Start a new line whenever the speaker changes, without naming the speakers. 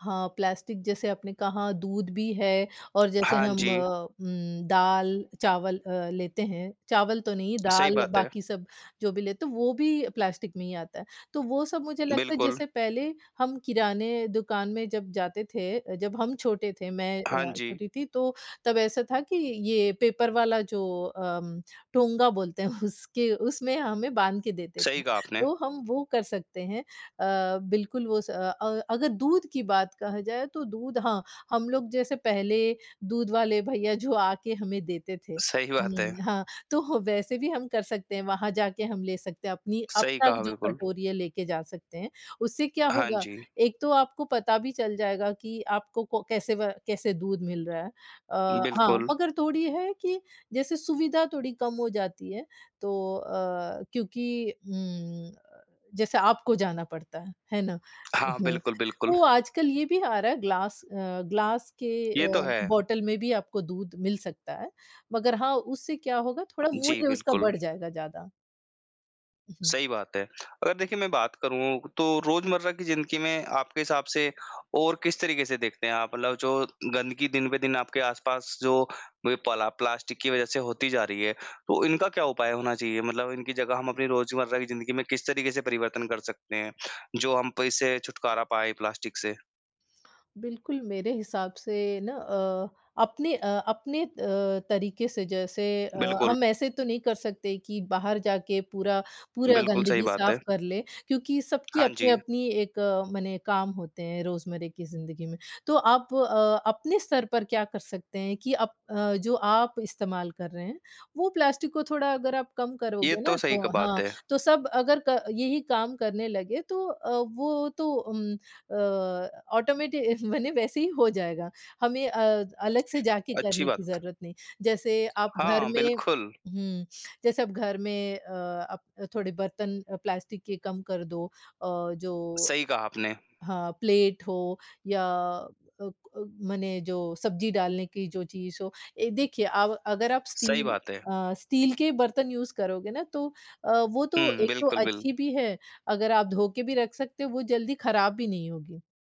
हाँ, प्लास्टिक जैसे आपने कहा दूध भी है और जैसे
हाँ
हम
जी।
उम, दाल चावल अ, लेते हैं, चावल तो नहीं,
सही
दाल
बात है।
बाकी सब जो भी लेते हैं, वो भी प्लास्टिक में ही आता है। तो वो सब मुझे लगता है
बिल्कुल।
जैसे पहले हम किराने दुकान में जब जाते थे। अ, जब हम छोटे थे, मैं
हाँ
अ,
जी।
छोटी थी तो तब ऐसा था कि ये पेपर वाला जो अम, टोंगा बोलते हैं उसके उसमें हमें बाँध के देते थे,
सही कहा आपने।
तो हम वो कर सकते हैं। अ, बिल्कुल वो स अ, अगर दूध की बात कहा जाए, तो दूध हाँ, हम लोग जैसे पहले दूध वाले भैया जो आके हमें देते थे,
सही बात है।
हुँ, हाँ तो वैसे भी हम कर सकते हैं, वहाँ जाके हम ले सकते हैं, अपनी
सही
अपना
कहा
जो
बिल्कुल।
कटोरी है, लेके जा सकते हैं। उससे क्या
हाँ
होगा
जी।
एक तो आपको पता भी चल जाएगा कि आपको को कैसे व कैसे दूध मिल रहा है। अ, हाँ
बिल्कुल।
मगर थोड़ी है कि जैसे सुविधा थोड़ी कम हो जाती है, तो अ, क्योंकि उम, जैसे आपको जाना पड़ता है, है ना?
हाँ,
हुँ,
बिल्कुल, बिल्कुल।
तो आजकल ये भी आ रहा है, ग्लास अ, ग्लास के
ये तो
अ,
है।
बॉटल में भी आपको दूध मिल सकता है, मगर हाँ, उससे क्या होगा थोड़ा
जी,
मूल्य उसका
बिल्कुल।
बढ़ जाएगा ज़्यादा। उ, हुँ।
सही बात है। अगर देखिए मैं बात करूँ, तो रोज़मर्रा की ज़िंदगी में आपके हिसाब से और किस तरीक़े से देखते हैं, आप मतलब जो गंदगी दिन-ब-दिन आपके आस-पास जो ब पला प्लास्टिक की वज़ह से होती जा रही है, तो इनका क्या उपाय होना चाहिए? मतलब इनकी जगह हम अपनी रोज़मर्रा की ज़िन्दगी में किस तरीक़े से परिवर्तन कर सकते हैं जो हम प इससे छुटकारा पाएँ, प्लास्टिक से?
बिल्कुल, मेरे हिसाब से ना अ अपने अ, अपने अ, तरीक़े से जैसे अ,
बिल्कुल।
हम ऐसे तो नहीं कर सकते कि बाहर जाके पूरा पूरा
बिल्कुल, सही
गंदगी
बात
साफ
है।
कर लें क्योंकि सबकी
हाँ जी।
अपनी-अपनी एक मने काम होते हैं, रोज़मरे की ज़िंदगी में। तो आप अ, अपने स्तर पर क्या कर सकते हैं कि अप अ, जो आप इस्तेमाल कर रहे हैं, वो प्लास्टिक को थोड़ा अगर आप कम
ये
करोगे ना
तो सही क
तो
एक बात
हाँ,
है।
तो सब अगर क यही काम करने लगे तो अ, वो तो उम, अ, ऑटोमेटि मने वैसे ही हो जाएगा, हमें अ, अलग से जाके
अच्छी
करने की
बात।
ज़रूरत नहीं। जैसे आप घर
हाँ,
में
बिल्कुल।
हुँ, जैसे अब घर में अ, अप थोड़े बर्तन अ, प्लास्टिक के कम कर दो अ, जो
सही कहा आपने।
हाँ, प्लेट हो या अ, क मने जो सब्जी डालने की जो चीज़ हो। ए देखिए अब अगर आप
सही
स्टील
बात है।
अ, स्टील के बर्तन यूज़ करोगे ना, तो अ, वो तो
हुँ,
एक तो
बिल्कुल बिल
अच्छी भी है, अगर आप धो के भी रख सकते हो, वो जल्दी ख़राब भी नहीं होगी।